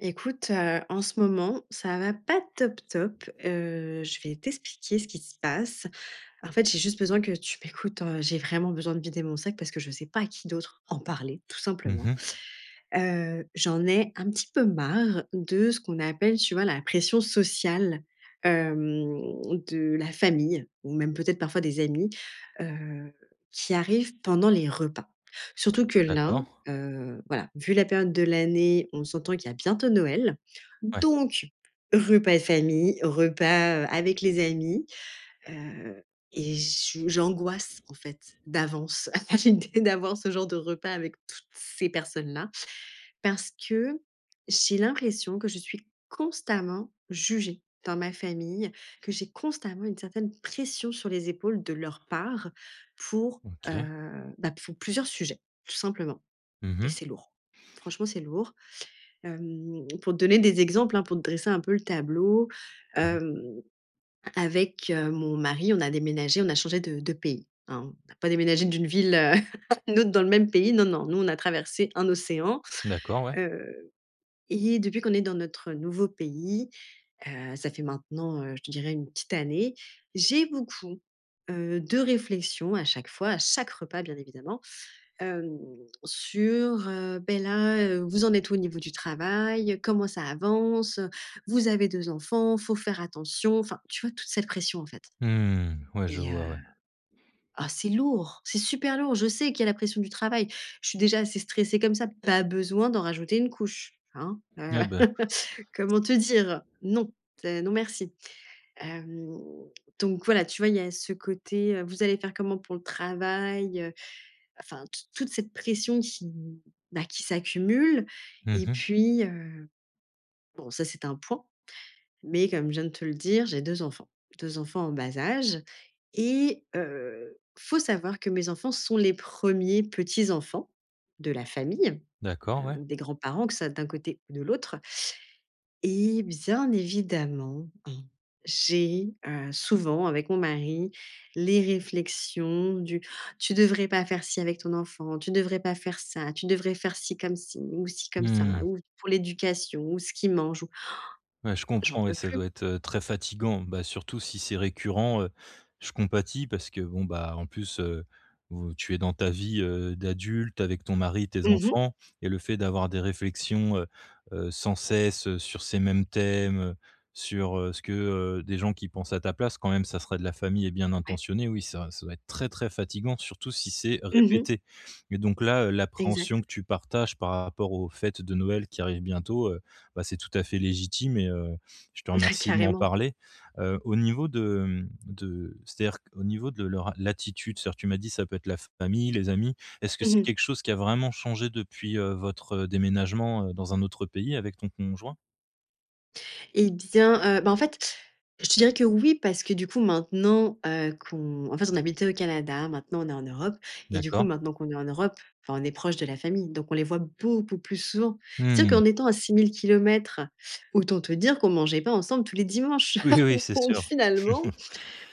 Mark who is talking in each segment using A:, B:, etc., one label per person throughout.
A: Écoute, heu, en ce moment, ça va pas top top, heu, je vais t'expliquer ce qui se passe. En fait, j'ai juste besoin que tu m'écoutes, heu, j'ai vraiment besoin de vider mon sac parce que je sais pas à qui d'autre en parler tout
B: Mmh
A: simplement.
B: mh.
A: Heu, j'en ai un petit peu marre de ce qu'on appelle tu vois la pression sociale, hem, de la famille ou même peut-être parfois des amis, heu, qui arrivent pendant les repas. Surtout que là,
B: D'accord.
A: heu, voilà, vu la période de l'année, on s'entend qu'il y a bientôt Noël.
B: Ouais.
A: Donc, repas de famille, repas, heu, avec les amis. Heu, et je j'angoisse en fait d'avance à l'idée d'avoir ce genre de repas avec toutes ces personnes-là. Parce que j'ai l'impression que je suis constamment jugée dans ma famille, que j'ai constamment une certaine pression sur les épaules de leur part pour, heu,
B: OK.
A: bah, pour plusieurs sujets, tout simplement.
B: Mmh
A: Et
B: mh.
A: c'est lourd, franchement, c'est lourd. Hem, pour te donner des exemples, hein, pour te dresser un peu le tableau,
B: Mmh.
A: hem. Avec, heu, mon mari, on a déménagé, on a changé de de pays, hein, on n'a pas déménagé d'une ville, heu, à une autre dans le même pays. Non, non, nous, on a traversé un océan,
B: D'accord, ouais.
A: heu. Et depuis qu'on est dans notre nouveau pays, heu, ça fait maintenant, heu, je te dirais 1 petite année, j'ai beaucoup, heu, de réflexions à chaque fois, à chaque repas bien évidemment. Hem, sur, heu: «Beh, là, heu, vous en êtes où au niveau du travail? Comment ça avance? Vous avez 2 enfants, faut faire attention!» Enfin, tu vois, toute cette pression, en fait.
B: Mmh. Ouais, je
A: Et heu,
B: vois ouais.
A: oh c'est lourd, c'est super lourd! Je sais qu'il y a la pression du travail. Je suis déjà assez stressée comme ça, pas besoin d'en rajouter une couche, hein. Heu,
B: Eh, beh!
A: comment te dire? Non, c'est non merci. Hem, donc voilà, tu vois, il y a ce côté, heu: «Vous allez faire comment pour le travail, heu?» Enfin t toute cette pression qui, mmh, bah, qui s'accumule.
B: Mmh
A: Et
B: mh.
A: puis, heu, bon ça c'est un point, mais comme je viens de te le dire j'ai 2 enfants, 2 enfants en bas âge et heu, faut savoir que mes enfants sont les 1ers petits-enfants, de la famille.
B: D'accord,
A: Heu,
B: ouais.
A: donc des grands-parents que ce soit d'un côté ou de l'autre et, bien évidemment, hein, j'ai, heu, souvent avec mon mari, les réflexions du: «Tu devrais pas faire ci avec ton enfant, tu devrais pas faire ça, tu devrais faire ci comme ci ou ci comme ça
B: Mmh.
A: ou pour l'éducation ou ce qu'il mange ou».
B: Ouais, je
A: J'en
B: comprends ouais,
A: peux
B: ça
A: plus.
B: doit être, heu, très fatiguant. Bah, surtout si c'est récurrent, heu, je compatis parce que bon, bah, en plus, heu, vous tu es dans ta vie, heu, d'adulte avec ton mari, tes
A: Mmh mh.
B: enfants et le fait d'avoir des réflexions, heu, heu, sans cesse, heu, sur ces mêmes thèmes. Sur, heu, ce que, heu des gens qui pensent à ta place quand même ça serait de la famille et bien
A: Ouais.
B: intentionné, oui, ça ça doit être très, très fatiguant surtout si c'est
A: Mmh mh.
B: répété. Mais donc là, heu, l'appréhension
A: Exact.
B: que tu partages par rapport aux fêtes de Noël qui arrivent bientôt, heu, bah, c'est tout à fait légitime et heu, je te
A: Ah,
B: remercie de m'en
A: carrément!
B: parler. Heu, au niveau de, mmh de c'est-à-dire qu'au niveau de leur l'attitude, c'est-à-dire, tu m'as dit, ça peut être la famille, les amis. Est-ce que
A: Mmh
B: c'est
A: mh.
B: quelque chose qui a vraiment changé depuis, heu, votre déménagement, heu, dans un autre pays avec ton conjoint?
A: Et bien, heu, bah, en fait, je te dirais que oui, parce que du coup, maintenant, heu, qu'on en fait, on habitait au Canada, maintenant on est en Europe et du coup
B: D'accord.
A: maintenant qu'on est en Europe, enfin, on est proches de la famille, donc on les voit beaucoup plus souvent. C'est-à-dire
B: Mmh.
A: qu'en étant à 6 000 kilomètres, autant te dire qu'on mangeait pas ensemble tous les dimanches.
B: Oui, oui, c'est
A: Donc
B: sûr.
A: finalement,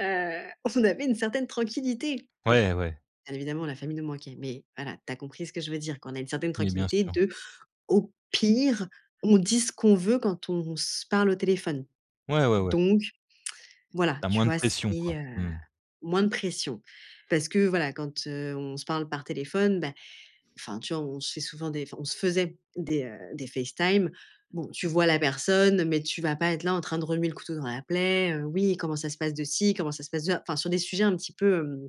A: heu, on avait une certaine tranquillité, bon.
B: Ouais, ouais.
A: Bien évidemment la famille nous manquait, mais voilà, tu as compris ce que je veux dire. Qu'on a une certaine
B: Mais, bien
A: tranquillité
B: sûr.
A: de au pire, on dit ce qu'on veut, quand on se parle au téléphone.
B: Ouais, ouais, ouais.
A: Donc, voilà,
B: Tu as
A: tu
B: moins de
A: vois, c'est,
B: pression quoi,
A: heu,
B: mmh.
A: moins de pression. Parce que voilà quand, heu, on se parle par téléphone, bah, enfin tu vois, on se fait souvent des enfin on se faisait des, heu, des FaceTime, bon, tu vois la personne mais tu vas pas être là, en train de remuer le couteau dans la plaie: «heu, oui comment ça se passe de ci, comment ça se passe de ça?» Enfin, sur des sujets un petit peu, hem,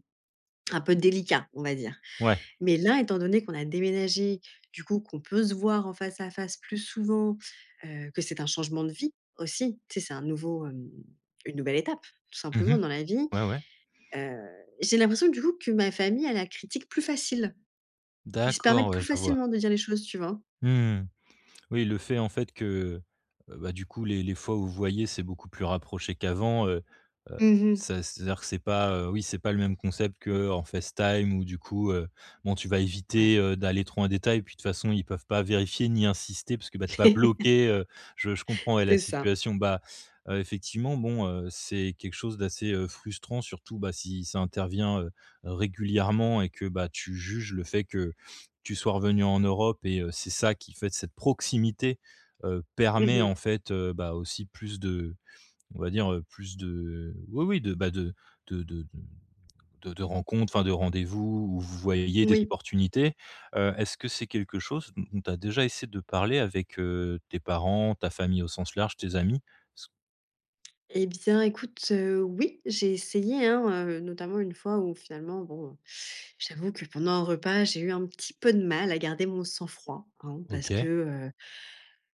A: un peu délicats, on va dire.
B: Ouais.
A: Mais là, étant donné qu'on a déménagé, du coup, qu'on peut se voir en face à face plus souvent, heu, que c'est un changement de vie aussi. Tu sais, c'est un nouveau, hem, une nouvelle étape tout
B: Mmh
A: simplement
B: mh,
A: dans la vie.
B: ouais, ouais.
A: Heu, j'ai l'impression que du coup, que ma famille a la critique plus facile. Ils se
B: D'accord.
A: permettent
B: Ouais,
A: plus
B: je vois.
A: facilement de dire les choses, tu vois?
B: Mmh. Oui, le fait en fait que, heu, bah, du coup les les fois où vous voyez, c'est beaucoup plus rapproché qu'avant, heu heu,
A: Mmh mh.
B: c'est à c'est-à-dire que c'est pas, heu, oui, c'est pas le même concept qu'en FaceTime, où du coup, heu, bon, tu vas
A: Ouais.
B: éviter, heu, d'aller trop en détail, puis de toute façon, ils peuvent pas vérifier, ni insister, parce que, bah, tu es pas bloquée. Heu, je je comprends ouais la
A: C'est ça.
B: situation. Bah, heu, effectivement bon, heu, c'est quelque chose d'assez, heu, frustrant. Surtout, bah, si ça intervient, heu, régulièrement et que bah, tu juges le fait que, tu sois revenue en Europe et heu, c'est ça qui fait de cette proximité, heu,
A: Mmh
B: permet
A: mh.
B: en fait, heu, bah, aussi plus de on va dire, heu, plus de oui, oui de, bah, de de de de de de rencontres. Enfin, de rendez-vous où, vous voyez des
A: Moui.
B: opportunités. Heu, est-ce que c'est quelque chose dont dont tu as déjà essayé de parler avec, heu, tes parents, ta famille au sens large, tes amis? S
A: Et bien, écoute, heu, oui, j'ai essayé, hein, heu, notamment 1 fois où finalement bon, j'avoue que, pendant un repas, j'ai eu un petit peu de mal à garder mon sang-froid hein, parce que,
B: OK.
A: heu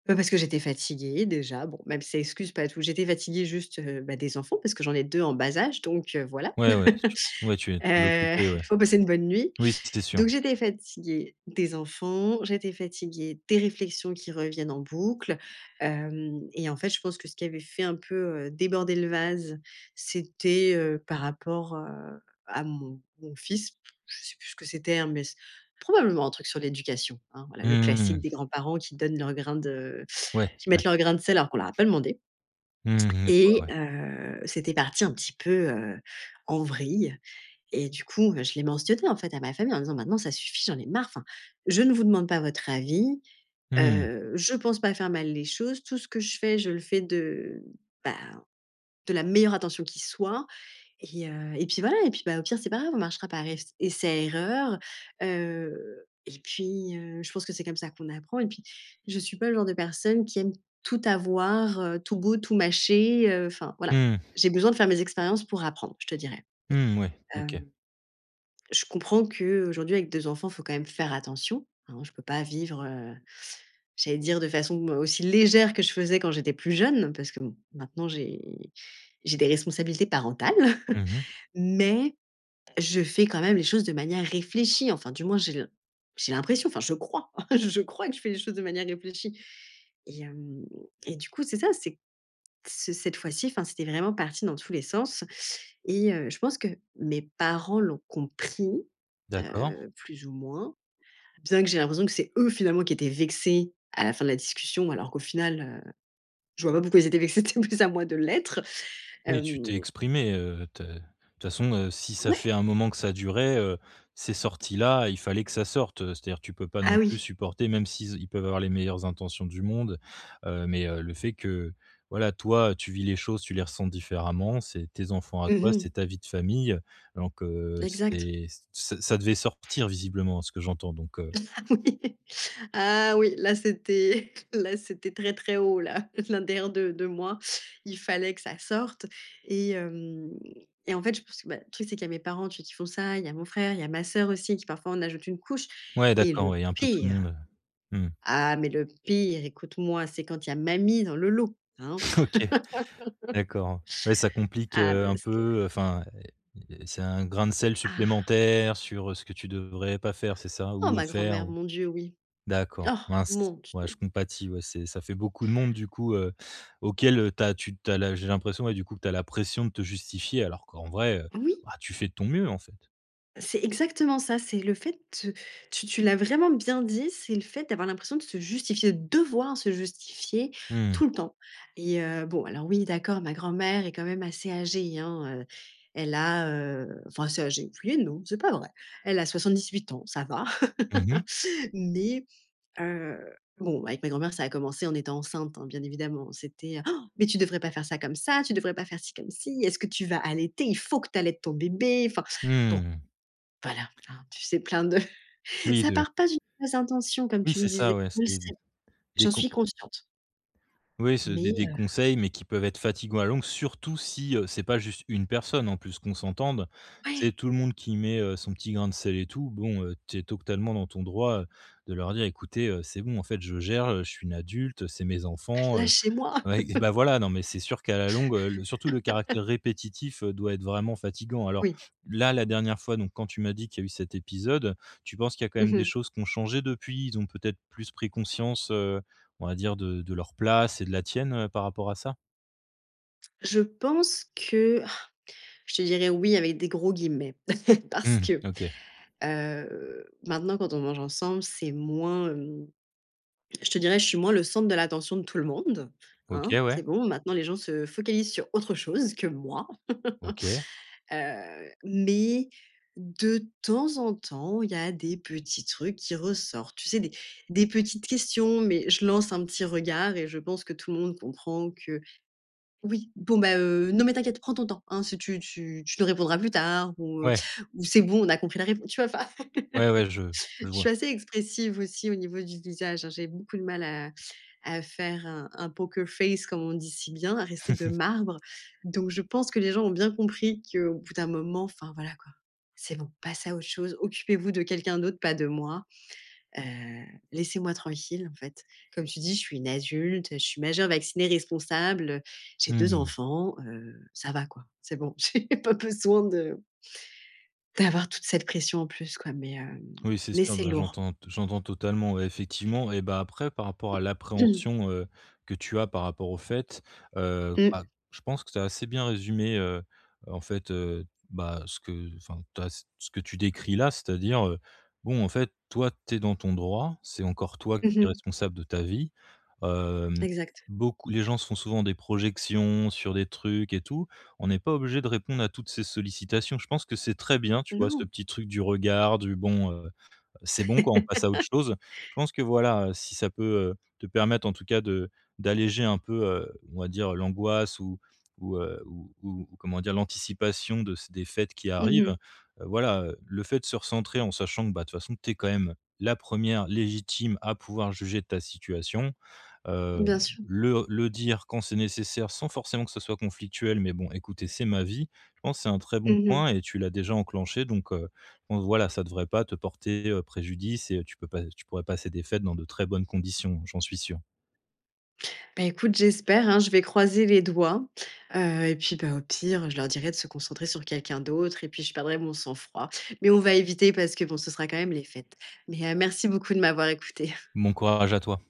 A: bah, parce que j'étais fatiguée déjà bon, même si ça excuse pas tout. J'étais fatiguée juste, heu, beh, des enfants parce que j'en ai 2 en bas âge, donc, heu, voilà.
B: Ouais, ouais. St ouais, tu es
A: Heu,
B: l'occuper,
A: il
B: ouais.
A: faut passer une bonne nuit.
B: Oui, c'est sûr.
A: Donc j'étais fatiguée des enfants, j'étais fatiguée des réflexions qui reviennent en boucle, hem et en fait je pense que ce qui avait fait un peu, heu, déborder le vase, c'était, heu, par rapport, heu, à mon mon fils, je sais plus ce que c'était, hein, mais s probablement un truc sur l'éducation. Hein, voilà, le classique
B: Mmh.
A: des grands-parents qui donnent leur grain de
B: Ouais,
A: qui
B: ouais.
A: mettent leur grain de sel alors qu'on leur a pas demandé.
B: Mmh mh, je vois,
A: Et
B: ouais.
A: heu, c'était parti un petit peu, heu, en vrille, et du coup, heu, je l'ai mentionné en fait à ma famille en disant: «Maintenant ça suffit, j'en ai marre, enfin, je ne vous demande pas votre avis,
B: Mmh mh.
A: heu, je pense pas faire mal les choses, tout ce que je fais, je le fais de, bah, de la meilleure attention qui soit. Et heu, et puis voilà et puis, bah, au pire, c'est pas grave, on marchera par ess essai erreur, heu, et puis, heu, je pense que c'est comme ça qu'on apprend et puis je suis pas le genre de personne qui aime tout avoir, heu, tout beau, tout mâché, heu, enfin voilà».
B: Mmh.
A: J'ai besoin de faire mes expériences pour apprendre je te dirais.
B: Mmh mouais,
A: Hem,
B: OK.
A: je comprends qu'aujourd'hui avec 2 enfants, il faut quand même faire attention, hein, je peux pas vivre, heu j'allais dire de façon aussi légère que je faisais quand j'étais plus jeune, parce que bon, maintenant j'ai j'ai des responsabilités parentales.
B: Mmh mh.
A: Mais je fais quand même les choses de manière réfléchie, enfin du moins j'ai l'im j'ai l'impression, enfin je crois, je crois que je fais les choses de manière réfléchie. Et hem, et du coup c'est ça, c'est ce cette fois-ci, enfin, c'était vraiment parti dans tous les sens et heu, je pense que mes parents l'ont compris,
B: D'accord.
A: heu, plus ou moins, bien que j'ai l'impression que c'est eux finalement qui étaient vexés à la fin de la discussion alors qu'au final, heu, je vois pas pourquoi ils étaient vexés, c'était plus à moi de l'être,
B: Oui, tu t'es
A: hem
B: exprimée, heu, te de toute façon, heu, si ça
A: Ouais.
B: fait un moment que ça durait, heu, c'est sorti là, il fallait que ça sorte, heu, c'est-à-dire que tu peux pas
A: Ah
B: non plus
A: oui.
B: supporter, même s'il z ils peuvent avoir les meilleures intentions du monde heu, mais, heu, le fait que, voilà, toi tu vis les choses, tu les ressens différemment, c'est tes enfants à
A: Mmh
B: toi,
A: mh.
B: c'est ta vie de famille donc, heu
A: Exact.
B: c'est ç ça ça devait sortir visiblement à ce que j'entends donc, heu
A: Oui. Ah oui, là c'était, là c'était très, très haut là, l'intérieur de de moi, il fallait que ça sorte et hem et en fait je pense que, bah, le truc c'est qu'il y a mes parents tu qui font ça, il y a mon frère, il y a ma sœur aussi, qui parfois en ajoute une couche.
B: Ouais,
A: Et
B: d'accord.
A: le
B: Ouais, il y a un peu tout le
A: pire.
B: monde, heu mmh.
A: Ah mais le pire, écoute-moi, c'est quand il y a mamie dans le lot, hein.
B: OK, d'accord. Ouais ça complique,
A: Ah
B: heu, un
A: parce que
B: peu, heu, enfin et et c'est un grain de sel
A: Ah.
B: supplémentaire sur, heu, ce que tu devrais pas faire, c'est ça?
A: Oh
B: Ou, heu,
A: ma
B: faire,
A: grand-mère,
B: ou
A: mon Dieu, oui.
B: d'accord,
A: Oh
B: mince,
A: mon
B: ouais, je
A: Dieu!
B: compatis, ouais, c'est, ça fait beaucoup de monde du coup, heu, auquel, heu, tu as tu tu as la j'ai l'impression, ouais, du coup que tu as la pression de te justifier alors qu'en vrai, heu,
A: Oui.
B: bah, tu fais de ton mieux en fait.
A: C'est exactement ça, c'est le fait, heu, tu tu l'as vraiment bien dit, c'est le fait d'avoir l'impression de se justifier, devoir se justifier
B: Mmh.
A: tout le temps et heu, bon alors oui, d'accord, ma grand-mère est quand même assez âgée, hein, heu, elle a, heu, enfin, assez âgée, oui et non, c'est pas vrai. Elle a 78 ans, ça va.
B: Mmh mh.
A: Mais, heu, bon, avec ma grand-mère, ça a commencé en étant enceinte, hein, bien évidemment, c'était: «Mais tu devrais pas faire ça comme ça, tu devrais pas faire si comme si, est-ce que tu vas allaiter? Il faut que tu allaites ton bébé, enfin, bon».
B: Mmh.
A: Voilà, hein, tu sais, plein de
B: Oui
A: ça
B: de
A: part pas d'une mauvaise intention comme
B: Oui,
A: tu le
B: c'est
A: disais,
B: ça, ouais,
A: je le
B: c'est d
A: sais,
B: des
A: j'en
B: con
A: suis consciente.
B: Oui, c'est des
A: Mais,
B: des
A: heu.
B: conseils mais qui peuvent être fatiguant à longue, surtout si, heu, c'est pas juste 1 personne en plus. Qu'on s'entende, c'est
A: Ouais.
B: tout le monde qui met, heu, son petit grain de sel et tout. Bon, heu, tu es totalement dans ton droit, heu, de leur dire: «Écoutez, heu, c'est bon, en fait, je gère, heu, je suis une adulte, heu, c'est mes enfants, heu».
A: Lachez-moi.
B: Oui, bah, voilà, non mais c'est sûr qu'à la longue, heu, le surtout le caractère répétitif, heu, doit être vraiment fatiguant. Alors
A: Oui.
B: là, la dernière fois donc quand tu m'as dit qu'il y a eu cet épisode, tu penses qu'il y a quand
A: Mmh
B: même des
A: mh.
B: choses qu'ont changé depuis? Ils ont peut-être plus pris conscience, heu, on va dire de de leur place et de la tienne, heu, par rapport à ça?
A: Je pense que je te dirais «oui» avec des gros guillemets, parce
B: Mmh.
A: que,
B: OK.
A: heu, maintenant quand on mange ensemble, c'est moins, hem. Je te dirais, je suis moins le centre de l'attention de tout le monde,
B: OK
A: hein.
B: ouais.
A: C'est bon, maintenant les gens se focalisent sur autre chose que moi.
B: OK.
A: Heu, mais, de temps en temps, il y a des petits trucs qui ressortent. Tu sais, des des petites questions, mais je lance un petit regard et je pense que tout le monde comprend que, «Oui, bon, bah, heu, non mais t'inquiète, prends ton temps, hein, si tu tu tu nous répondras plus tard» ou, heu,
B: Ouais.
A: ou «C'est bon, on a compris la répon» tu vois? Enfin.
B: Ouais, ouais je je
A: Je suis
B: vois.
A: assez expressive aussi au niveau du visage, hein, j'ai beaucoup de mal à à faire un un Poker Face comme on dit si bien, à rester de marbre. Donc je pense que les gens ont bien compris qu'au bout d'un moment, enfin, voilà quoi. C'est bon, passez à autre chose, occupez-vous de quelqu'un d'autre, pas de moi. Heu, laissez-moi tranquille, en fait. Comme tu dis: «Je suis une adulte, je suis majeure, vaccinée, responsable, j'ai 2
B: Mmh.
A: enfants, heu,» ça va quoi. C'est bon, j'ai pas besoin de d'avoir toute cette pression en plus quoi mais, hem,
B: Oui, c'est
A: mais
B: sûr
A: c'est
B: ben
A: lourd.
B: j'entends t j'entends totalement, ouais, effectivement et bah, après, par rapport à l'appréhension, heu, que tu as par rapport au fait, heu,
A: Mmh.
B: bah, je pense que tu as assez bien résumé, heu heu, en fait, heu, bah, ce que enfin tu as ce ce que tu décris-là, c'est-à-dire, heu, bon, en fait, toi, tu es dans ton droit, c'est encore toi qui
A: Mmh
B: est
A: mh.
B: responsable de ta vie, hem,
A: Exact.
B: beaucoup les gens se font souvent des projections sur des trucs et tout, on n'est pas obligé de répondre à toutes ces sollicitations. Je pense que c'est très bien, tu vois, ce
A: Non.
B: petit truc du regard du bon, heu, c'est bon, quoi, on passe à autre chose. Je pense que voilà, heu, si ça peut, heu, te permettre, en tout cas, de d'alléger un peu, heu, on va dire l'angoisse ou ou heu, ou ou comment dire? L'anticipation de ç des fêtes qui
A: Mmh
B: arrivent,
A: mh.
B: heu, voilà, heu, le fait de se recentrer en sachant que, bah, de toute façon, tu es quand même la 1re légitime à pouvoir juger de ta situation. Hem,
A: Bien sûr.
B: le le dire quand c'est nécessaire sans forcément que ce soit conflictuel, mais bon, «écoutez, c'est ma vie». Je pense c'est un très bon
A: Mmh mh.
B: point et tu l'as déjà enclenché donc, heu, von voilà, ça devrait pas te porter, heu, préjudice et heu, tu peux pas tu pourrais passer des fêtes dans de très bonnes conditions, j'en suis sûr.
A: Beh écoute, j'espère, hein, je vais croiser les doigts, heu, et puis bah, au pire, je leur dirais de se concentrer sur quelqu'un d'autre et puis je perdrai mon sang-froid. Mais on va éviter parce que, bon, ce sera quand même les fêtes. Mais, heu, merci beaucoup de m'avoir écoutée.
B: Bon courage à toi.